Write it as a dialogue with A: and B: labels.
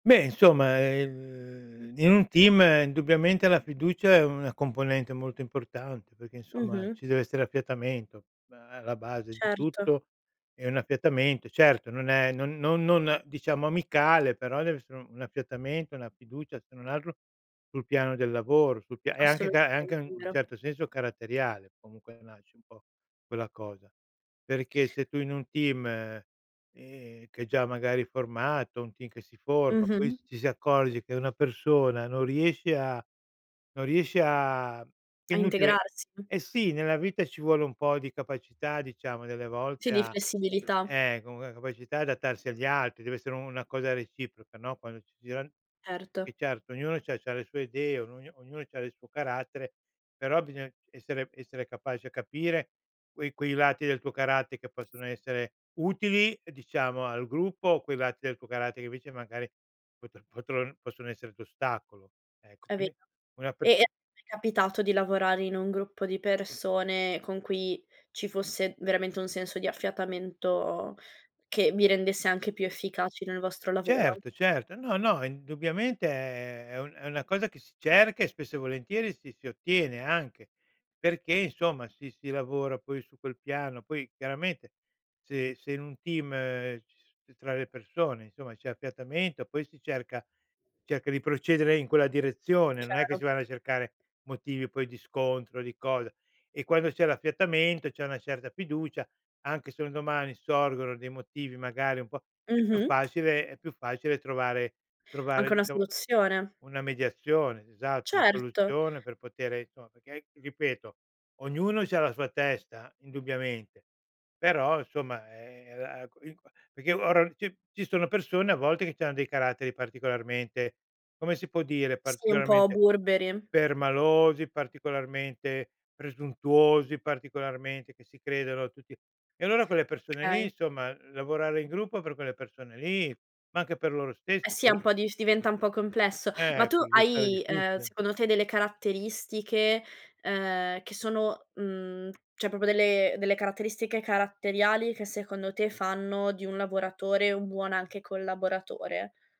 A: Beh insomma, ehm, v in un team indubbiamente la fiducia è una componente molto importante, perché insomma,
B: Mh-mh.
A: ci deve essere affiatamento, ma alla base di
B: Certo.
A: tutto è un affiatamento. Certo non è non non diciamo amicale, però deve essere un affiatamento, una fiducia se non altro sul piano del lavoro, sul pia e anche ca è anche
B: Assolutamente,
A: an
B: è vero.
A: certo senso caratteriale, comunque nasce un po' quella cosa. Perché se tu in un team, ehm, che è già magari è formato, un team che si forma, poi
B: Mh-mh.
A: s ci si accorge che una persona non riesce a non riesce a che è
B: A
A: inutile
B: integrarsi.
A: eh sì, nella vita ci vuole un po' di capacità diciamo delle
B: Sì,
A: volte
B: di
A: a,
B: flessibilità.
A: ehm, com ehm, capacità adattarsi agli altri, deve essere u una cosa reciproca, no, quando ci giran e
B: Erto.
A: certo ognuno c'ha c'ha le sue idee, ognu ognuno c'ha del suo carattere; però bisogna essere essere capaci a capire quei quei lati del tuo caratte che possono essere utili, ehm, diciamo al gruppo, o quei lati del tuo caratte che invece magari pot potron possono essere d'ostacolo. Ecco
B: È ve
A: quindi una per
B: e e ti è capitato di lavorare in un gruppo di persone, con cui ci fosse veramente un senso di affiatamento, che vi rendesse anche più efficaci nel vostro lavoro?
A: Certo, certo, no, no indubbiamente è è un una cosa che si cerca, e spesso e volentieri si si ottiene anche, perché insomma si si lavora poi su quel piano, poi chiaramente se se in un team, ci tra le persone insomma c'è affiatamento, poi si cerca cerca di procedere in quella direzione, non è che
B: Chiaro.
A: si vanno a cercare motivi poi di scontro, di cosa. E quando c'è l'affiatamento, c'è una certa fiducia, anche se un domani sorgono dei motivi magari un po' è più
B: Mh-mh.
A: facile è più facile trovare trovare
B: Anche una
A: diciamo
B: soluzione.
A: una mediazione esatto, una
B: Certo.
A: soluzione per potere insomma perché anch ripeto ognuno c'ha la sua testa indubbiamente, però insomma, ehm, ehm, la q il qua perché ora ci ci sono persone a volte che c'hanno dei caratteri particolarmente come si può dire,
B: Sì, un po'
A: particolarmente
B: burberi.
A: permalosi, particolarmente presuntuosi, particolarmente che si credono tutti e allora quelle persone lì
B: Okay.
A: insomma, lavorare in gruppo per quelle persone lì ma anche per loro
B: Eh
A: stessi
B: sì,
A: può
B: è
A: ri
B: un po'dif diventa un po' complesso, ma
A: Ehm,
B: tu
A: può risultare
B: hai, ehm,
A: difficile.
B: secondo te delle caratteristiche, ehm, che sono, mhmm, cioè proprio delle delle caratteristiche caratteriali, che secondo te fanno di un lavoratore un buon anche collaboratore?